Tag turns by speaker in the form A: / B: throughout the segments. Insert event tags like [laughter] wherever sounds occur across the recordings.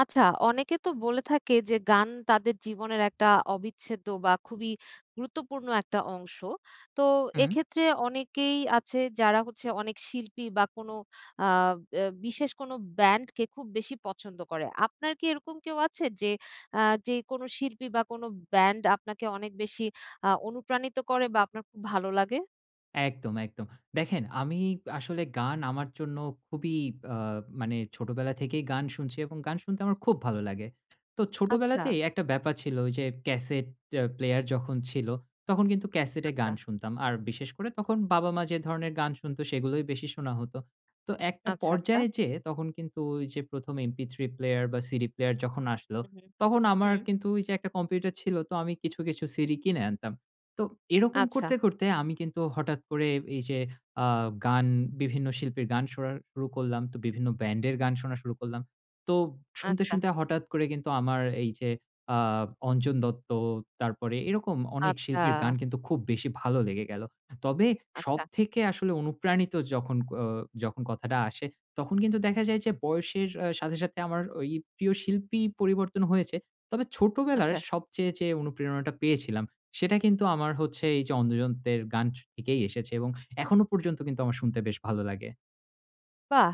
A: আচ্ছা। অনেকে তো বলে থাকে, যে গান তাদের জীবনের একটা অবিচ্ছেদ্য বা খুবই গুরুত্বপূর্ণ একটা অংশ। তো
B: হুম।
A: এক্ষেত্রে অনেকেই আছে যারা হচ্ছে অনেক শিল্পী বা কোনো আব অ্যা বিশেষ কোনো ব্যান্ডকে খুব বেশি পছন্দ করে। আপনার কি এরকম কেউ আছে যে আ যে কোনো শিল্পী বা কোনো ব্যান্ড আপনাকে অনেক বেশি আ অনুপ্রাণিত করে? বা আপনার খুব ভালো লাগে?
B: একদম, একদম। দেখেন আমি আসলে গান আমার জন্য খুবই আ মানে ছোটবেলা থেকেই গান শুনছি এবং গান শুনতে আমার খুব ভালো লাগে। তো
A: আচ্ছা।
B: ছোটবেলাতেই একটা ব্যাপার ছিল যে ক্যাসেট অ্যা প্লেয়ার যখন ছিল তখন কিন্তু ক্যাসেটে গান
A: আচ্ছা।
B: শুনতাম। আর বিশেষ করে তখন বাবা-মা যে ধরনের গান শুনত সেগুলোই বেশি শোনা হতো। তো একটা
A: আচ্ছা, আচ্ছা।
B: পর্যায়ে যেয়ে তখন কিন্তু ওই যে ১ম এমপি থ্রি প্লেয়ার বা সিডি প্লেয়ার যখন আসলো।
A: হু, হু,
B: তখন আমার
A: হু।
B: কিন্তু ওই যে একটা কম্পিউটার ছিল তো আমি কিছু, কিছু সিডি কিনে আনতাম। তো এরকম
A: আচ্ছা।
B: করতে, করতে আমি কিন্তু হঠাৎ করে এই যে আ গান বিভিন্ন শিল্পীর গান শোনা শুরু করলাম। তো বিভিন্ন ব্যান্ডের গান শোনা শুরু করলাম। তো শুনতে,
A: আচ্ছা।
B: শুনতে হঠাৎ করে কিন্তু আমার এই যে আ অঞ্জন দত্ত তারপরে এরকম। অনেক
A: আচ্ছা।
B: শিল্পীর গান কিন্তু খুব বেশি ভালো লেগে গেলো। তবে
A: আচ্ছা।
B: সবথেকে আসলে অনুপ্রাণিত যখন ও যখন কথাটা আসে তখন কিন্তু দেখা যায় যে বয়সের অ্যা সাথে, সাথে আমার ওই প্রিয় শিল্পী পরিবর্তন হয়েছে। তবে ছোটবেলার
A: আচ্ছা।
B: সবচেয়ে যে অনুপ্রেরণাটা পেয়েছিলাম সেটা কিন্তু আমার হচ্ছে এই যে অঞ্জন দত্তের গান স থেকেই এসেছে এবং এখনো পর্যন্ত কিন্তু আমার শুনতে বেশ ভালো লাগে।
A: বাহ!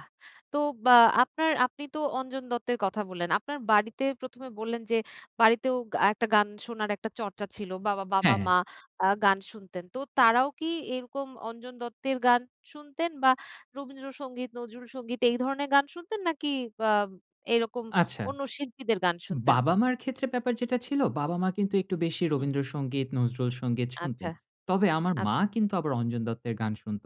A: তো বা আপনার আপনি তো অঞ্জন দত্তের কথা বললেন, আপনার বাড়িতে ১ম এ বললেন যে, বাড়িতেও গা একটা গান শোনার একটা চর্চা ছিল। বাবা
B: হ্যাঁ।
A: বাবা-মা আ গান শুনতেন। তো তারাও কি এরকম অঞ্জন দত্তের গান শুনতেন বা রবীন্দ্রসঙ্গীত, নজরুল সঙ্গীত এই ধরনের গান শুনতেন নাকি বা এরকম
B: আচ্ছা।
A: অন্য শিল্পীদের গান শুনতেন?
B: বাবা-মার ক্ষেত্রে ব্যাপার যেটা ছিল, বাবা-মা কিন্তু একটু বেশি
A: হু।
B: রবীন্দ্র সঙ্গীত, নজরুল সঙ্গীত শুনতেন।
A: আচ্ছা,
B: তবে আমার মা
A: আচ্ছা।
B: কিন্তু আবার অঞ্জন দত্তের গান শুনত।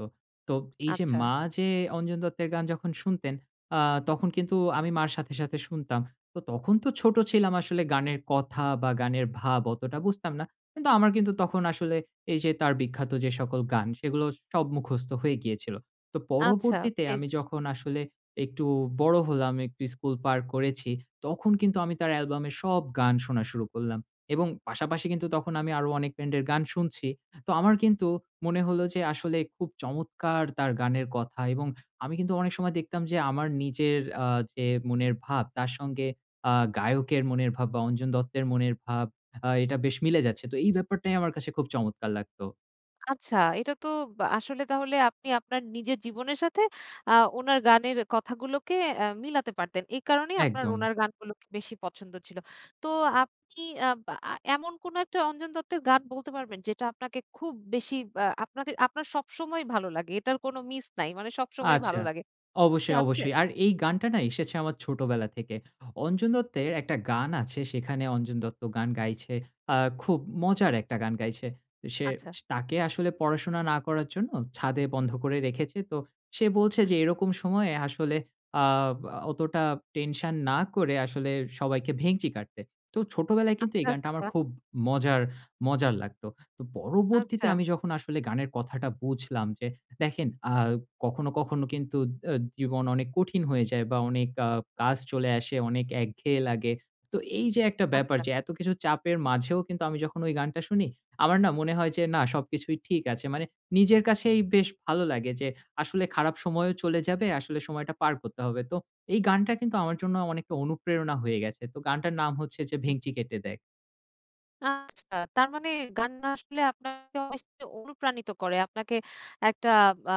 B: তো এই যে
A: আচ্ছা।
B: মা যে অঞ্জন দত্তের গান যখন শুনতেন অ্যা তখন কিন্তু আমি মার সাথে, সাথে শুনতাম। তো তখন তো ছোট ছিলাম আসলে গানের কথা বা গানের ভাব অতটা বুঝতাম না। কিন্তু আমার কিন্তু তখন আসলে এই যে তার বিখ্যাত যে সকল গান, সেগুলো সব মুখস্থ হয়ে গিয়েছিল। তো
A: আচ্ছা,
B: পরবর্তীতে আমি
A: বেশ।
B: যখন আসলে একটু বড় হলাম একটু স্কুল পার করেছি তখন কিন্তু আমি তার অ্যালবামের সব গান শোনা শুরু করলাম এবং পাশাপাশি কিন্তু তখন আমি আরো অনেক ব্যান্ডের গান শুনছি। তো আমার কিন্তু মনে হলো যে, আসলে খুব চমৎকার তার গানের কথা এবং আমি কিন্তু অনেক সময় দেখতাম যে আমার নিজের অ্যা যে মনের ভাব তার সঙ্গে অ্যা গায়কের মনের ভাব বা অঞ্জন দত্তের মনের ভাব আ এটা বেশ মিলে যাচ্ছে। তো এই ব্যাপারটাই আমার কাছে খুব চমৎকার লাগতো।
A: আচ্ছা, এটা তো আসলে তাহলে আপনি আপনার নিজের জীবনের সাথে আ ওনার গানের কথাগুলোকে এ মিলাতে পারতেন। এই কারণেই আপনার
B: একদম।
A: ওনার গানগুলোকে বেশি পছন্দ ছিল। তো আপনি আব আ আ এমন কোনো একটা অঞ্জন দত্তের গান বলতে পারবেন যেটা আপনাকে খুব বেশি আ আপনাকে আপনার সবসময়ই ভালো লাগে। এটার কোনো মিস নাই। মানে সবসময়ই
B: আচ্ছা।
A: ভালো লাগে। এমনকি
B: অবশ্যই,
A: আছে?
B: অবশ্যই। আর এই গানটা না এসেছে আমার ছোটবেলা থেকে। অঞ্জন দত্তের একটা গান আছে সেখানে অঞ্জন দত্ত গান গাইছে, আ খুব মজার একটা গান গাইছে। সে
A: আচ্ছা।
B: স তাকে আসলে পড়াশোনা না করার জন্য ছাদে বন্ধ করে রেখেছে। তো সে বলছে যে এরকম সময়ে আসলে আ অতটা টেনশন না করে আসলে সবাইকে ভেংচি কাটতে। তো ছোটবেলায় কিন্তু এই
A: আচ্ছা,
B: গানটা আমার
A: আচ্ছা।
B: খুব মজার মজার লাগতো। তো পরবর্তীতে
A: আচ্ছা।
B: আমি যখন আসলে গানের কথাটা বুঝলাম যে দেখেন আ কখনো, কখনো কিন্তু আ জীবন অনেক কঠিন হয়ে যায় বা অনেক আ কাজ চলে আসে অনেক একঘেয়ে লাগে। তো এই যে একটা ব্যাপার
A: আচ্ছা।
B: যে এত কিছু চাপের মাঝেও কিন্তু আমি যখন ওই গানটা শুনি আমার না মনে হয় যে না সবকিছুই ঠিক আছে। মানে নিজের কাছেই বেশ ভালো লাগে যে আসলে খারাপ সময়ও চলে যাবে। আসলে সময়টা পার করতে হবে। তো এই গানটা কিন্তু আমার জন্য অনেকটা অনুপ্রেরণা হয়ে গেছে। তো গানটার নাম হচ্ছে যে,
A: হু।
B: ভেংচি কেটে দেখ।
A: আচ্ছা, তার মানে গান না আসলে আপনাকে অনেক বেশি অনুপ্রাণিত করে। আপনাকে একটা বা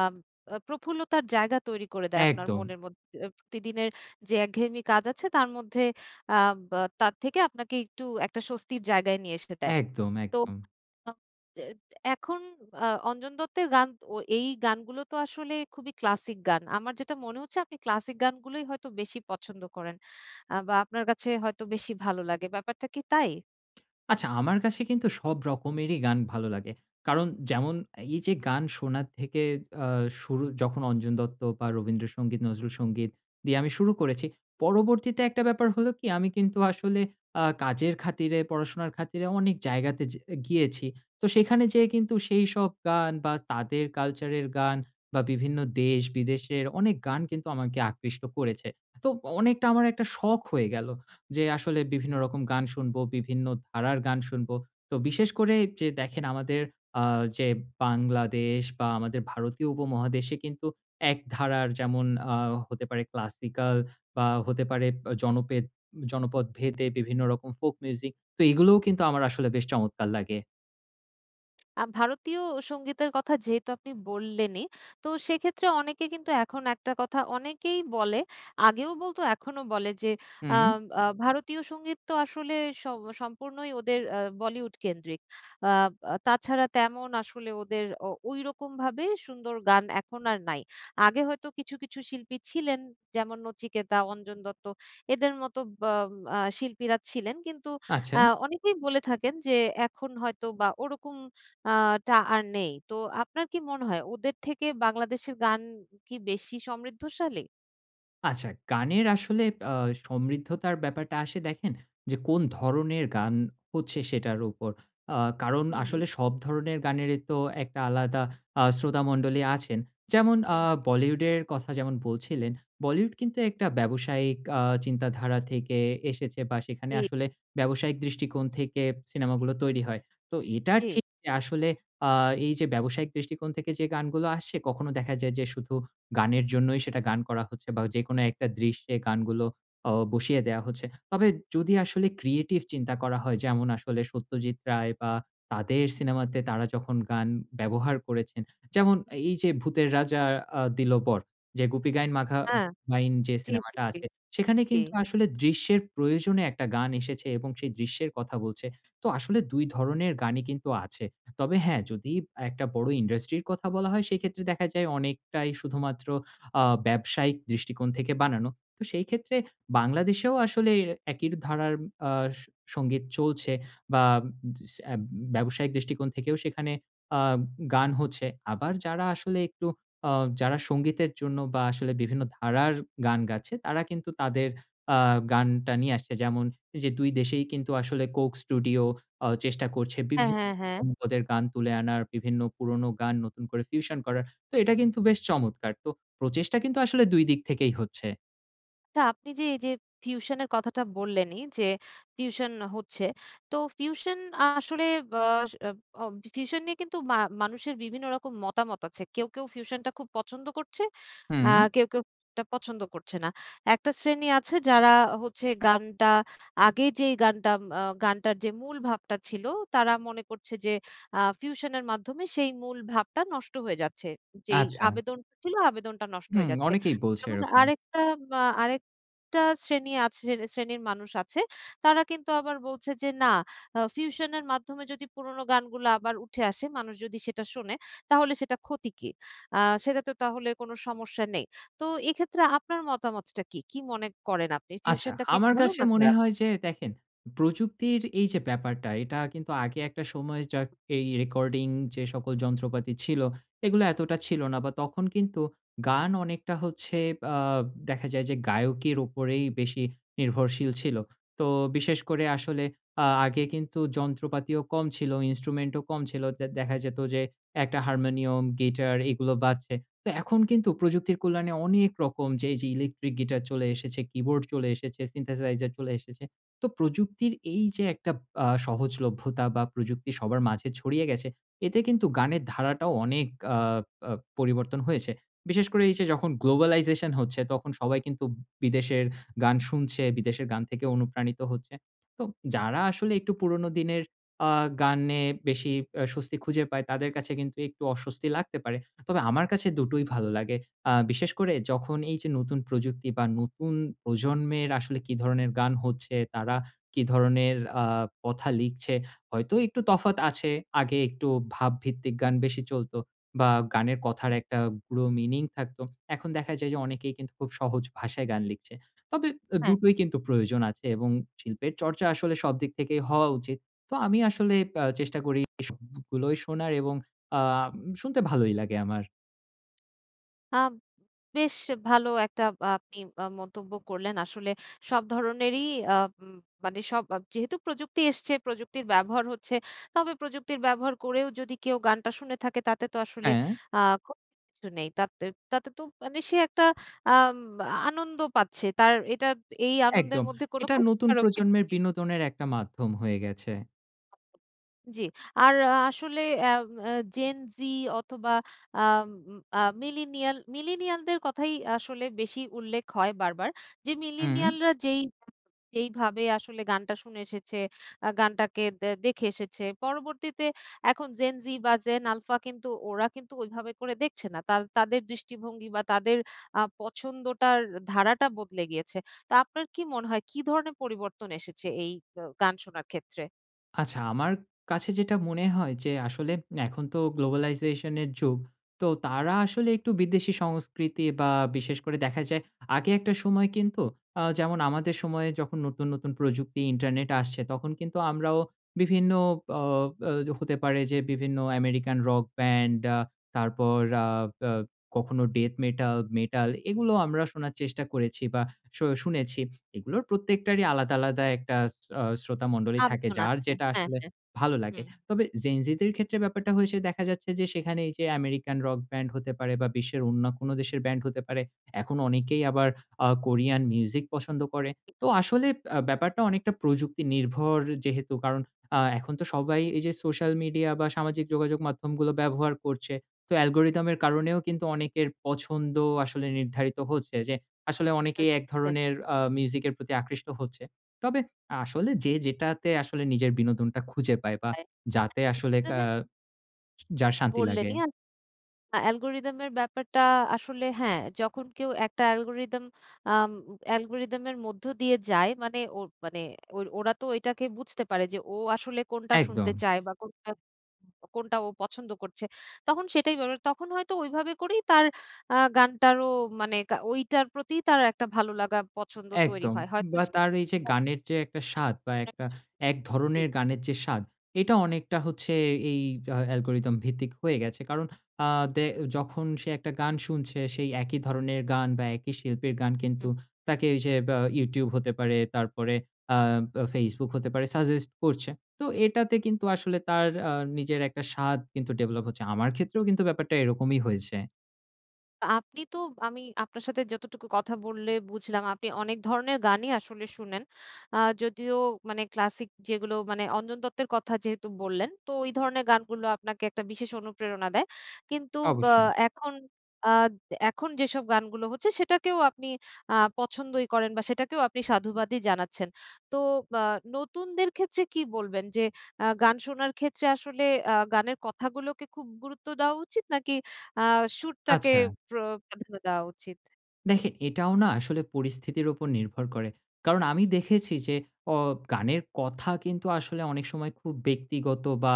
A: আ প্রফুল্লতার জায়গা তৈরি করে দেয় আপনার
B: একদম।
A: মনের মধ্যে, অ্যা প্রতিদিনের যে একঘেয়েমি কাজ আছে তার মধ্যে আব তার থেকে আপনাকে একটু একটা স্বস্তির জায়গায় নিয়ে এসে দেয়।
B: একদম,
A: তো
B: একদম।
A: আ যে এখন আ অঞ্জন দত্তের গান ও এই গানগুলো তো আসলে খুবই ক্লাসিক গান। আমার যেটা মনে হচ্ছে আপনি ক্লাসিক গানগুলোই হয়তো বেশি পছন্দ করেন, আ বা আপনার কাছে হয়তো বেশি ভালো লাগে। ব্যাপারটা কি তাই?
B: আচ্ছা আমার কাছে কিন্তু সব রকমেরই গান ভালো লাগে। কারণ যেমন এই যে গান শোনার থেকে আ শুরু যখন অঞ্জন দত্ত বা রবীন্দ্রসঙ্গীত, নজরুল সঙ্গীত দিয়ে আমি শুরু করেছি পরবর্তীতে একটা ব্যাপার হলো কি, আমি কিন্তু আসলে আ কাজের খাতিরে, পড়াশোনার খাতিরে অনেক জায়গাতে যে গিয়েছি। তো সেখানে যেয়ে কিন্তু সেইসব গান বা তাদের কালচারের গান বা বিভিন্ন দেশ-বিদেশের অনেক গান কিন্তু আমাকে আকৃষ্ট করেছে। তো অনেকটা আমার একটা শখ হয়ে গেলো যে, আসলে বিভিন্ন রকম গান শুনব, বিভিন্ন ধারার গান শুনব। তো বিশেষ করে যে দেখেন আমাদের আ যে বাংলাদেশ বা আমাদের ভারতীয় উপমহাদেশে কিন্তু এক ধারার যেমন আ হতে পারে ক্লাসিকাল বা হতে পারে ব জনপেদ জনপদ ভেদে বিভিন্ন রকম ফোক মিউজিক। তো এগুলোও কিন্তু আমার আসলে বেশ চমৎকার লাগে।
A: আ ভারতীয় সঙ্গীতের কথা যেহেতু আপনি বললেনই তো সেক্ষেত্রে অনেকে কিন্তু এখন একটা কথা অনেকেই বলে আগেও বলতো এখনও বলে যে
B: হুম।
A: আম আ ভারতীয় সঙ্গীত তো আসলে স সম্পূর্ণই ওদের অ্যা বলিউড কেন্দ্রিক। আব আ তাছাড়া তেমন আসলে ওদের ও ওইরকমভাবে সুন্দর গান এখন আর নাই। আগে হয়তো কিছু, কিছু শিল্পী ছিলেন যেমন নচিকেতা, অঞ্জন দত্ত এদের মতো ব্য আ শিল্পীরা ছিলেন। কিন্তু
B: আচ্ছা।
A: আ অনেকেই বলে থাকেন যে এখন হয়তো বা ওরকম আ টা আর নেই। তো আপনার কি মনে হয় ওদের থেকে বাংলাদেশের গান কি বেশি সমৃদ্ধশালী?
B: আচ্ছা, গানের আসলে অ্যা সমৃদ্ধতার ব্যাপারটা আসে দেখেন, যে কোন ধরনের গান হচ্ছে সেটার উপর অ্যা কারণ
A: হু,
B: আসলে
A: হু।
B: সব ধরনের গানেরই তো একটা আলাদা আ শ্রোতামণ্ডলী আছেন যেমন আ
A: হু।
B: বলিউডের কথা যেমন বলছিলেন, বলিউড কিন্তু একটা ব্যবসায়িক আ চিন্তাধারা থেকে এসেছে বা সেখানে
A: এ
B: আসলে ব্যবসায়িক দৃষ্টিকোণ থেকে সিনেমা গুলো তৈরি হয় তো এটা
A: জ্বী।
B: ঠিক আসলে আ এই যে ব্যবসায়িক দৃষ্টিকোণ থেকে যে গানগুলো আসে কখনো দেখা যায় যে শুধু গানের জন্যই সেটা গান করা হচ্ছে বা যেকোনো একটা দৃশ্যে গানগুলো অ বসিয়ে দেওয়া হচ্ছে। তবে যদি আসলে ক্রিয়েটিভ চিন্তা করা হয় যেমন আসলে সত্যজিৎ রায় বা তাদের সিনেমাতে তারা যখন গান ব্যবহার করেছেন যেমন, এই যে 'ভূতের রাজা আ দিল বর' যে 'গুপি গাইন বাঘা
A: আ
B: বাইন' যে
A: জ্বী,
B: সিনেমাটা
A: জ্বী,
B: আছে সেখানে
A: জ্বী।
B: কিন্তু আসলে দৃশ্যের প্রয়োজনে একটা গান এসেছে এবং সেই দৃশ্যের কথা বলছে তো আসলে ২ ধরনের গানই কিন্তু আছে তবে হ্যাঁ, যদি একটা বড়ো ইন্ডাস্ট্রির কথা বলা হয় সেক্ষেত্রে দেখা যায় অনেকটাই শুধুমাত্র আ ব্যবসায়িক দৃষ্টিকোণ থেকে বানানো তো সেই ক্ষেত্রে বাংলাদেশেও আসলে এর একই ধারার আ স সঙ্গীত চলছে বা দস এব ব্যবসায়িক দৃষ্টিকোণ থেকেও সেখানে আ গান হচ্ছে আবার যারা আসলে একটু অ যারা সঙ্গীতের জন্য বা আসলে বিভিন্ন ধারার গান গাচ্ছে তারা কিন্তু তাদের আ গানটা নিয়ে আসছে যেমন যে ২ দেশেই কিন্তু আসলে কোক স্টুডিও অ চেষ্টা করছে
A: হ্যাঁ,
B: বিভিন্ন
A: হ্যাঁ, হ্যাঁ।
B: [unintelligible] পদের গান তুলে আনার বিভিন্ন পুরোনো গান নতুন করে fusion করার তো এটা কিন্তু বেশ চমৎকার! তো প্রচেষ্টা কিন্তু আসলে ২ দিক থেকেই হচ্ছে।
A: আচ্ছা, আপনি যে এই যে ফিউশনের কথাটা বললেন এই যে ফিউশন হচ্ছে। তো ফিউশন আসলে বা আ আ ফিউশন নিয়ে কিন্তু মা মানুষের বিভিন্ন রকম মতামত আছে। কেউ, কেউ, ফিউশনটা খুব পছন্দ করছে। আ
B: হুম?
A: কেউ, কেউ, এটা পছন্দ করছে না। একটা শ্রেণী আছে যারা হচ্ছে গানটা আগে যেই গানটা ম আ গানটার যে মূল ভাবটা ছিল। তারা মনে করছে যে আ ফিউশনের মাধ্যমে সেই মূল ভাবটা নষ্ট হয়ে যাচ্ছে। যেই
B: আচ্ছা।
A: আবেদন ছিল আবেদনটা নষ্ট
B: হুম,
A: হয়ে যাচ্ছে।
B: অনেকেই বলছে
A: তখন
B: এরকম।
A: আরেকটা আ আরেকটা শ্রেণী আছে শ্রে শ্রেণীর মানুষ আছে, তারা কিন্তু আবার বলছে যে না, আ ফিউশনের মাধ্যমে যদি পুরোনো গানগুলা আবার উঠে আসে, মানুষ যদি সেটা শোনে তাহলে সেটা ক্ষতি কি? আ সেটাতে তাহলে কোনো সমস্যা নেই। তো এক্ষেত্রে আপনার মতামতটা কি? কি মনে করেন আপনি?
B: আচ্ছা।
A: ফিউশনটা কি
B: আমার
A: ভালো
B: কাছে
A: না
B: মনে
A: খারাপ?
B: হয় যে দেখেন, প্রযুক্তির এই যে ব্যাপারটা এটা কিন্তু আগে একটা সময় যা এই রেকর্ডিং যে সকল যন্ত্রপাতি ছিল। এগুলো এতটা ছিল না বা তখন কিন্তু গান অনেকটা হচ্ছে আ দেখা যায় যে গায়কের উপরেই বেশি নির্ভরশীল ছিল। তো বিশেষ করে আসলে আ আগে কিন্তু যন্ত্রপাতিও কম ছিল, instrument ও কম ছিল। তে দেখা যেত যে একটা হারমোনিয়াম, গিটার এগুলো বাজছে। তো এখন কিন্তু প্রযুক্তির কল্যাণে অনেক রকম যে, এই যে ইলেকট্রিক গিটার চলে এসেছে, keyboard চলে এসেছে, সিন্থেসাইজার চলে এসেছে। তো প্রযুক্তির এই যে একটা আ সহজলভ্যতা বা প্রযুক্তি সবার মাঝে ছড়িয়ে গেছে এতে কিন্তু গানের ধারাটাও অনেক আ আ পরিবর্তন হয়েছে। বিশেষ করে এই যে যখন গ্লোবালাইজেশন হচ্ছে তখন সবাই কিন্তু বিদেশের গান শুনছে, বিদেশের গান থেকে অনুপ্রাণিত হচ্ছে। তো যারা আসলে একটু পুরোনো দিনের আ গানে বেশি এ স্বস্তি খুঁজে পায় তাদের কাছে কিন্তু একটু অস্বস্তি লাগতে পারে। তবে আমার কাছে দুটোই ভালো লাগে, আ বিশেষ করে যখন এই যে নতুন প্রযুক্তি বা নতুন প্রজন্মের আসলে কি ধরনের গান হচ্ছে তারা কি ধরনের আ কথা লিখছে। হয়তো একটু তফাৎ আছে, আগে একটু ভাবভিত্তিক গান বেশি চলতো বা গানের কথার
A: জি,
B: একটা
A: জি।
B: গূঢ় মিনিং থাকতো। এখন দেখা যায় যে অনেকেই কিন্তু খুব সহজ ভাষায় গান লিখছে। তবে এ
A: হ্যাঁ।
B: দুটোই কিন্তু প্রয়োজন আছে এবং শিল্পের চর্চা আসলে সবদিক থেকেই হওয়া উচিত। তো আমি আসলে আ চেষ্টা করি সবগুলোই শোনার এবং আ শুনতে ভালোই লাগে আমার।
A: আ বেশ ভালো একটা আ আপনি আ মন্তব্য করলেন আসলে সব ধরনেরই আ ম মানে সব বাব যেহেতু প্রযুক্তি এসছে প্রযুক্তির ব্যবহার হচ্ছে। তবে প্রযুক্তির ব্যবহার করেও যদি কেউ গানটা শুনে থাকে তাতে তো আসলে
B: হ্যাঁ।
A: আ ক্ষতির কিছু নেই তাতেত তাতে তো মানে সে একটা আম আনন্দ পাচ্ছে তার এটা এই আনন্দের
B: একদম।
A: মধ্যে কোনো
B: এটা নতুন
A: ক্ষতিকারক কিছু
B: প্রজন্মের
A: নেই।
B: বিনোদনের একটা মাধ্যম হয়ে গেছে।
A: জি। আর আসলে অ্যাম অ্যা Gen Z অথবা আম আ মিলেনিয়াল মিলেনিয়ালদের কথাই আসলে বেশি উল্লেখ হয় বারবার যে
B: হুম।
A: মিলেনিয়ালরা যেই যেইভাবে আসলে গানটা শুনে এসেছে আ গানটাকে দ্যা দেখে এসেছে পরবর্তীতে এখন Gen Z বা Gen Alpha কিন্তু ওরা কিন্তু ওইভাবে করে দেখছে না ,তার তাদের দৃষ্টিভঙ্গি বা তাদের আ পছন্দটার ধারাটা বদলে গিয়েছে। তা আপনার কী মনে হয় কী ধরনের পরিবর্তন এসেছে এই আ গান শোনার ক্ষেত্রে?
B: আচ্ছা, আমার কাছে যেটা মনে হয় যে আসলে এখন তো globalization এর যুগ। তো তারা আসলে একটু বিদেশি সংস্কৃতি বা বিশেষ করে দেখা যায় আগে একটা সময় কিন্তু আ যেমন আমাদের সময়ে যখন নতুন, নতুন প্রযুক্তি ইন্টারনেট আসছে তখন কিন্তু আমরাও বিভিন্ন অ আ হতে পারে যে বিভিন্ন আমেরিকান রক ব্যান্ড আ তারপর আ আ কখনো ডেথ মেটাল, মেটাল এগুলো আমরা শোনার চেষ্টা করেছি বা শু শুনেছি। এগুলোর প্রত্যেকটারই আলাদা, আলাদা একটা ছ অ শ্রোতা মন্ডলী থাকে।
A: আবেদন
B: যার
A: আছে।
B: যেটা
A: হ্যাঁ,
B: আসলে
A: হ্যাঁ।
B: ভালো লাগে।
A: হুম।
B: তবে Gen Z দের ক্ষেত্রে ব্যাপারটা হয়েছে দেখা যাচ্ছে যে সেখানে এইযে আমেরিকান রক ব্যান্ড হতে পারে বা বিশ্বের অন্য কোন দেশের ব্যান্ড হতে পারে। এখন অনেকেই আবার আ কোরিয়ান মিউজিক পছন্দ করে। তো আসলে আ ব্যাপারটা অনেকটা প্রযুক্তি নির্ভর যেহেতু কারণ আ এখন তো সবাই এই যে সোশ্যাল মিডিয়া বা সামাজিক যোগাযোগ মাধ্যমগুলো ব্যবহার করছে। তো অ্যালগোরিদমের কারণেও কিন্তু অনেকের পছন্দ আসলে নির্ধারিত হচ্ছে যে আসলে অনেকেই এক
A: [unintelligible]
B: ধরনের আ মিউজিকের প্রতি আকৃষ্ট হচ্ছে। তবে আসলে যে যেটাতে আসলে নিজের বিনোদনটা খুঁজে পায় বা
A: তাই।
B: যাতে
A: একদম
B: আসলে কা
A: [unintelligible]
B: য যার শান্তি লাগে।
A: বললেনই অ্যা আ অ্যালগরিদম এর ব্যাপারটা আসলে হ্যাঁ, যখন কেউ একটা অ্যালগোরিদম আম অ্যালগরিদমের মধ্য দিয়ে যায় মানে ওই মানে ওইর ওরা তো ওইটাকে বুঝতে পারে যে ও আসলে কোনটা শুনতে
B: একদম।
A: চায় বা কোনটা, কোনটা ও পছন্দ করছে। তখন সেটাই বড়। তখন হয়তো ওইভাবে করেই তার আ গানটারও মানে কা ঐটার প্রতি তার একটা ভালো লাগা পছন্দ তৈরি
B: একদম।
A: হয়। হয়তো
B: বা
A: সে
B: তার এই যে গানের যে একটা স্বাদ বা
A: [unintelligible]
B: একটা এক ধরনের
A: জি।
B: গানের যে স্বাদ এটা অনেকটা হচ্ছে এই হ অ্যালগরিদম ভিত্তিক হয়ে গেছে। কারণ আ দে যখন সে একটা গান শুনছে সেই একই ধরনের গান বা একই শিল্পীর গান
A: হু।
B: কিন্তু তাকে যে বা Youtube হতে পারে তারপরে আ বা Facebook হতে পারে সাজেস্ট করছে। তো এটাতে কিন্তু আসলে তার আ নিজের একটা স্বাদ কিন্তু ডেভেলপ হচ্ছে। আমার ক্ষেত্রেও কিন্তু ব্যাপারটা এরকমই হয়েছে।
A: আ আপনি তো আমি আপনার সাথে যতটুকু কথা বললে বুঝলাম, আপনি অনেক ধরনের গানই আসলে শুনেন। আ যদিও মানে ক্লাসিক যেগুলো মানে অঞ্জন দত্তের কথা যেহেতু বললেন, তো ঐ ধরনের গানগুলো আপনাকে একটা বিশেষ অনুপ্রেরণা দেয়। কিন্তু বা
B: অবশ্যই।
A: এখন আদ এখন যেসব গানগুলো হচ্ছে, সেটাকেও আপনি আ পছন্দই করেন বা, সেটাকেও আপনি সাধুবাদই জানাচ্ছেন। তো বা নতুনদের ক্ষেত্রে কী বলবেন? যে আ গান শোনার ক্ষেত্রে আসলে আ গানের কথাগুলোকে খুব গুরুত্ব দেওয়া উচিত? নাকি আ সুরটাকে
B: আচ্ছা।
A: প্র প্রাধান্য দেওয়া উচিত?
B: দেখেন, এটাও না আসলে পরিস্থিতির ওপর নির্ভর করে। কারণ, আমি দেখেছি যে অ গানের কথা কিন্তু আসলে অনেক সময় খুব ব্যক্তিগত বা,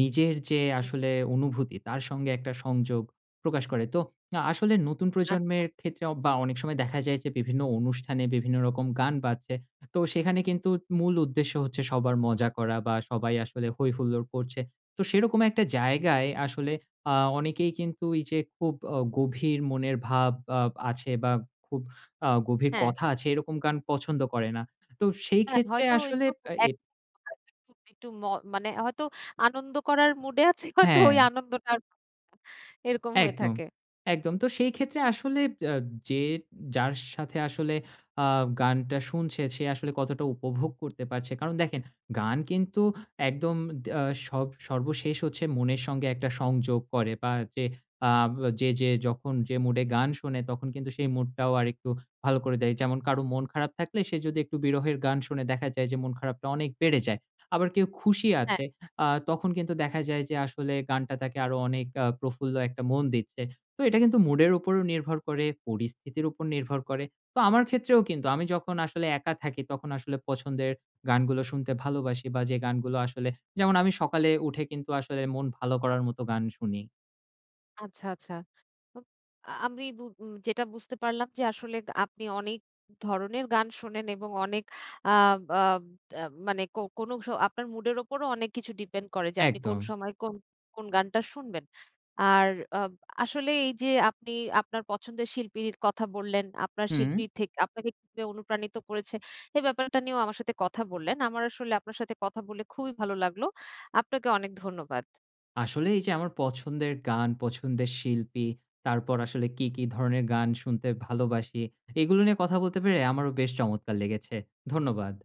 B: নিজের যে
A: হুম।
B: আসলে অনুভূতি, তার সঙ্গে একটা সংযোগ প্রকাশ করে। তো আ আসলে নতুন
A: আচ্ছা।
B: প্রজন্মের ক্ষেত্রে অ বা অনেক সময় দেখা যায় যে, বিভিন্ন অনুষ্ঠানে বিভিন্ন রকম গান বাড়ছে। তো সেখানে কিন্তু মূল উদ্দেশ্য হচ্ছে সবার মজা করা বা, সবাই আসলে হৈ হুল্লোড় করছে। তো সেরকম একটা জায়গায় আসলে আ অনেকেই কিন্তু এইযে খুব অ গভীর মনের ভাব আ আছে বা, খুব আ গভীর
A: হ্যাঁ।
B: কথা আছে, এরকম গান পছন্দ করে না। তো
A: হ্যাঁ,
B: সেইক্ষেত্রে
A: হয়তো
B: আসলে
A: একটু
B: আ এ
A: এক [unintelligible] একটু ম মানে হয়তো আনন্দ করার মুডে আছে, হয়তো ওই
B: হ্যাঁ।
A: আনন্দটার এরকম হয়ে
B: একদম,
A: থাকে।
B: একদম। তো সেইক্ষেত্রে আসলে আ যে যার সাথে আসলে আ গানটা শুনছে, সে আসলে কতটা উপভোগ করতে পারছে? কারণ দেখেন, গান কিন্তু একদম দা সব সর্বশেষ হচ্ছে মনের সঙ্গে একটা সংযোগ করে বা, যে আ যে যে যখন যে মুডে গান শোনে, তখন কিন্তু সেই মুডটাও আরেকটু ভালো করে দেয়। যেমন কারোর মন খারাপ থাকলে, সে যদি একটু বিরহের গান শুনে, দেখা যায় যে মন খারাপটা অনেক বেড়ে যায়। আবার কেউ খুশি
A: হ্যাঁ।
B: আছে আ তখন কিন্তু দেখা যায় যে আসলে গানটা তাকে আরও অনেক আ প্রফুল্ল একটা মন দিচ্ছে। তো এটা কিন্তু মুডের উপরও নির্ভর করে, পরিস্থিতির উপর নির্ভর করে। তো আমার ক্ষেত্রেও কিন্তু আমি যখন আসলে একা থাকি, তখন আসলে পছন্দের গানগুলো শুনতে ভালোবাসি বা, যে গানগুলো আসলে যেমন আমি সকালে উঠে কিন্তু আসলে মন ভালো করার মতো গান শুনি।
A: আচ্ছা, আচ্ছা। আব আমি বু উ যেটা বুঝতে পারলাম যে আসলে, আ আপনি অনেক ধরনের গান শোনেন এবং অনেক আ বা আ এ মানে কো কোনো স আপনার মুডের উপরও অনেক কিছু ডিপেন্ড করে যে আপনি কোন
B: একদম।
A: সময় কোন কোন গানটা শুনবেন। আর আব আসলে এইযে আপনি আপনার পছন্দের শিল্পীর কথা বললেন, আপনার
B: হুম।
A: শিল্পী থেকে আপনাকে কিভাবে অনুপ্রাণিত করেছে। এই ব্যাপারটা নিয়েও আমার সাথে কথা বললেন। আমার আসলে আপনার সাথে কথা বলে খুবই ভালো লাগলো। আপনাকে অনেক ধন্যবাদ।
B: আসলে এইযে আমার পছন্দের গান, পছন্দের শিল্পী, তারপর আসলে কী, কী ধরনের গান শুনতে ভালোবাসি, এগুলো নিয়ে কথা
A: তো
B: বলতে পেরে আমারও বেশ চমৎকার লেগেছে। ধন্যবাদ।